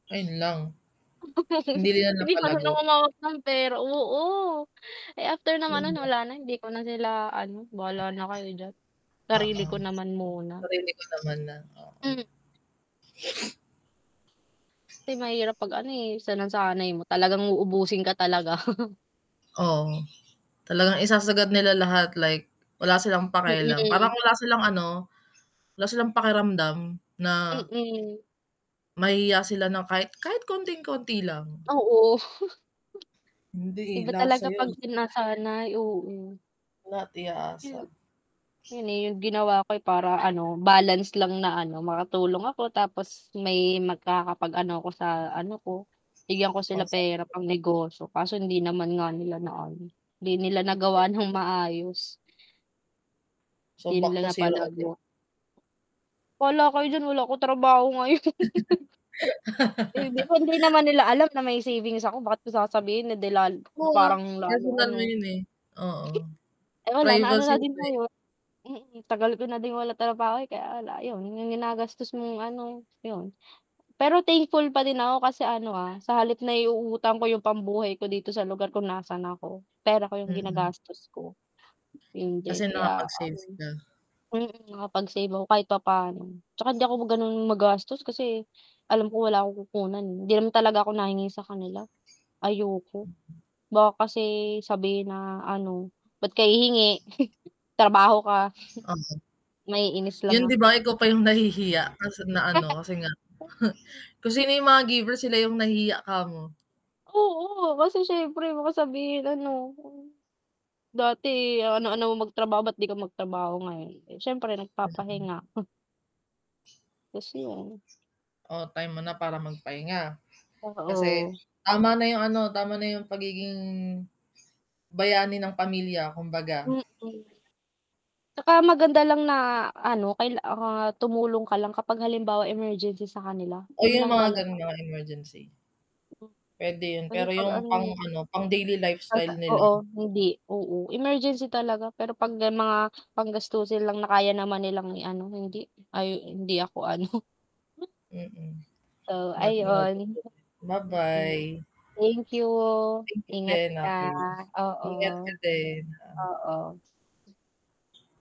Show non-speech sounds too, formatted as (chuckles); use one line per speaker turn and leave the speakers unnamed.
Ayun lang, hindi
(giggles)
nila
Hindi marunong
napalago.
humawak ng pera oo, eh, after naman nun,
Mhm.
wala na, hindi ko na sila, ano, bahala na kayo diyan. Sarili
Oo,
ko naman muna.
naririnig ko naman na oo.
Hmm.
(sniffs)
Kasi mahirap pag, ano, eh, sinasanay mo talagang uubusin ka talaga. (chuckles)
Oo, talagang isasagad nila lahat like, wala silang pakialam parang
Mm.
wala silang, ano, wala silang pakiramdam na
Mm.
mahihiya sila ng kahit, kahit konting-konti lang.
Oo, (chuckles)
Hindi, eh,
iba
lahat
talaga
sayo
pag sinasanay oo.
lahat i a asa.
Hmm. 'Yun, eh, 'yung ginawa ko para, ano, balance lang na, ano, makatulong ako tapos may magkakapag-ano ko sa, ano, ko. Bigyan ko sila
Pang
pera
sarili.
pangnegosyo, kaso hindi naman nga nila na-ano, hindi nila nagawa ng
(unintelligible)
maayos.
So
'Di
back
nila
to 0, ulit.
napalago. Bahala kayo diyan wala akong trabaho ngayon. (chuckles) Eh, hindi ko hindi
(laughs)
naman nila alam na may savings ako, bakit ko sasabihin, eh, di lal
Oo, ah,
parang lalo,
personal mo
ano
yun, eh. Oo,
Eh, wala, na-ano
privacy.
na din ngayon mm, tagal ko na din walang trabaho, eh, kaya la 'yun, 'yung ginagastos mong, ano, 'yun. Pero thankful pa din ako kasi, ano, ah, sa halip naiuutang ko yung pambuhay ko dito sa lugar kung nasaan ako, pera ko yung
Mm.
ginagastos ko. 'Yun
Kasi
din kaya,
nakapag-sales na.
ano mm, nakapag-save ako kahit papaano, 'tsaka hindi ako ganoon magastos kasi alam ko wala akong kukunan, eh, hindi naman talaga ako nahingi sa kanila, ayoko. Baka kasi sabihin na ano, "Ba't ka hihingi (chuckles) trabaho ka."
Ah.
Maiinis
'Yun,
lang ako.
'di ba, ikaw pa yung nahihiya kasi nga, ano,
(giggles) Eh
kasi nga, (scoffs)
kasi
kung sino yung mga giver, sila yung nahihiya 'kamo.
Oo. kasi syempre baka sabihin, ano, "Dati, ano, ano, mo magtrabaho ba't 'di ka magtrabaho ngayon." Eh, s'yempre
Mm.
nagpapahinga. 'Tas yun
Oh, time mo na para magpahinga. Kasi
Oo.
tama na yung, ano, tama na yung pagiging, bayani ng pamilya kumbaga.
Mm. 'Tsaka maganda lang na, ano, kay ah, tumulong ka lang kapag halimbawa, emergency sa kanila,
Oh,
'yun
'yung
lang
mga
talaga.
ganon, mga emergency. Pwede 'yun,
Kasi
pero
'pag
yung pang,
ano
ano, pang-daily
'Pag sa
lifestyle nila.
oo hindi oo, emergency talaga, pero 'pag 'yan mga panggastusin lang na, kaya naman nilang i-ano, hindi, ay, hindi ako ano.
Mm,
Oh, ayun.
(unintelligible)
Hmm,
ba-bye.
thank you.
Thank you
Ingat
din,
ka,
(unintelligible) ingat ka
oo,
din.
oo.